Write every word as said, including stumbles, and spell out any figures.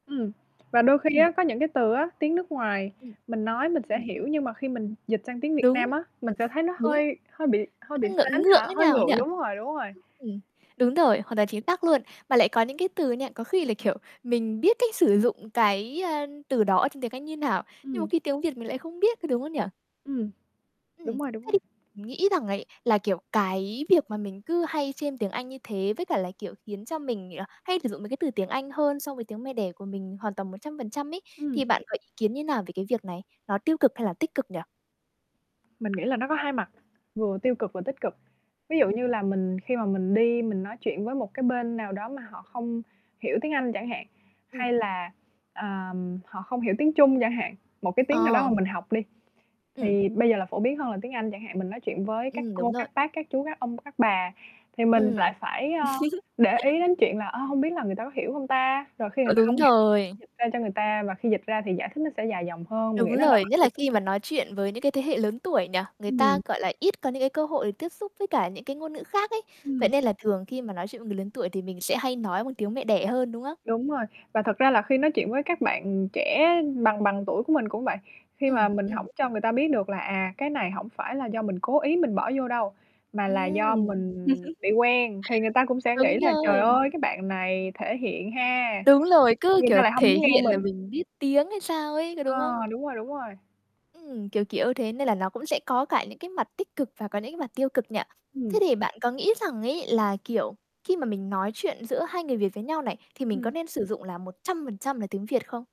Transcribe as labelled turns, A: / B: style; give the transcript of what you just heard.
A: Ừm. Và đôi khi
B: Ừm.
A: á, có những cái từ á, tiếng nước ngoài
B: Ừm.
A: mình nói mình sẽ
B: Ừm.
A: hiểu nhưng mà khi mình dịch sang tiếng Việt Nam
B: Đúng.
A: á, mình sẽ thấy nó
B: Đúng.
A: hơi hơi bị hơi bị
B: Nó ngượng
A: sến
B: ngượng
A: hả?
B: thế
A: Hơi
B: nào ấy nhỉ?
A: ngượng, đúng rồi, đúng rồi.
B: Ừm. Đúng rồi, hoàn toàn chính xác luôn. Mà lại có những cái từ nha, có khi là, kiểu, mình biết cách sử dụng cái, à, từ đó ở trong tiếng Anh như nào, nhưng một
A: Ừm.
B: khi tiếng Việt mình lại không biết, có đúng không nhỉ?
A: Ừm.
B: Ừm. Thế
A: Đúng rồi, đúng rồi.
B: thì mình nghĩ rằng ấy, là, kiểu, cái việc mà mình cứ hay chêm tiếng Anh như thế, với cả là, kiểu, khiến cho mình, à, hay sử dụng mấy cái từ tiếng Anh hơn so với tiếng mẹ đẻ của mình hoàn toàn một trăm phần trăm ấy.
A: Ừm.
B: Thì bạn có ý kiến như nào về cái việc này, nó tiêu cực hay là tích cực nhỉ?
A: Mình nghĩ là nó có hai mặt, vừa
B: [unintelligible]
A: tiêu cực và tích cực. Ví dụ
B: Ừm.
A: như là mình khi mà mình đi mình nói chuyện với một cái bên nào đó mà họ không hiểu tiếng Anh chẳng hạn,
B: Ừm.
A: hay là, ờm, họ không hiểu tiếng Trung chẳng hạn, một cái tiếng nào đó mà
B: Ờ!
A: mình học đi.
B: Ừm.
A: Thì bây giờ là phổ biến hơn là tiếng Anh chẳng hạn, mình nói chuyện với các
B: Ừm, đúng
A: cô,
B: rồi.
A: các bác, các chú, các ông, các bà thì mình
B: Ừm.
A: lại phải, ờ, để ý đến chuyện là, ờ, hông biết là người ta có hiểu hông ta? Rồi khi người
B: Ờ,
A: ta
B: đúng
A: hông hiểu phải
B: rồi.
A: dịch ra cho người ta và khi dịch ra thì giải thích nó sẽ dài dòng hơn, mình nghĩ
B: Đúng
A: đó là
B: rồi,
A: mặt
B: nhất
A: tiêu
B: là
A: cực.
B: khi mà nói chuyện với những cái thế hệ lớn tuổi nhỉ? Người ta,
A: Ừm.
B: gọi là, ít có những cái cơ hội tiếp xúc với cả những cái ngôn ngữ khác ấy, vậy
A: Ừm.
B: nên là thường khi mà nói chuyện với người lớn tuổi thì mình sẽ hay nói bằng tiếng mẹ đẻ hơn, đúng không?
A: Đúng rồi. Và thật ra là khi nói chuyện với các bạn trẻ bằng bằng tuổi của mình cũng vậy, khi mà
B: Ừm,
A: mình hổng
B: ừm.
A: cho người ta biết được là, à, cái này hổng phải là do mình cố ý mình bỏ vô đâu, mà là do
B: Ừm!
A: mình bị quen, thì người ta cũng sẽ nghĩ
B: Đúng
A: là trời
B: rồi!
A: ơi, cái bạn này thể hiện ha.
B: Đúng rồi. Cứ,
A: Người ta
B: kiểu,
A: lại hông
B: thể
A: muốn nghe
B: hiện là
A: mình.
B: mình biết tiếng hay sao ấy, có
A: Ờ.
B: đúng không?
A: Đúng rồi, đúng rồi.
B: Ừm. Kiểu kiểu thế, nên là nó cũng sẽ có cả những cái mặt tích cực và có những cái mặt tiêu cực nhỉ?
A: Ừm.
B: Thế thì bạn có nghĩ rằng ấy là, kiểu, khi mà mình nói chuyện giữa hai người Việt với nhau này, thì mình có
A: Ừm.
B: nên sử dụng là một trăm phần trăm là tiếng Việt không?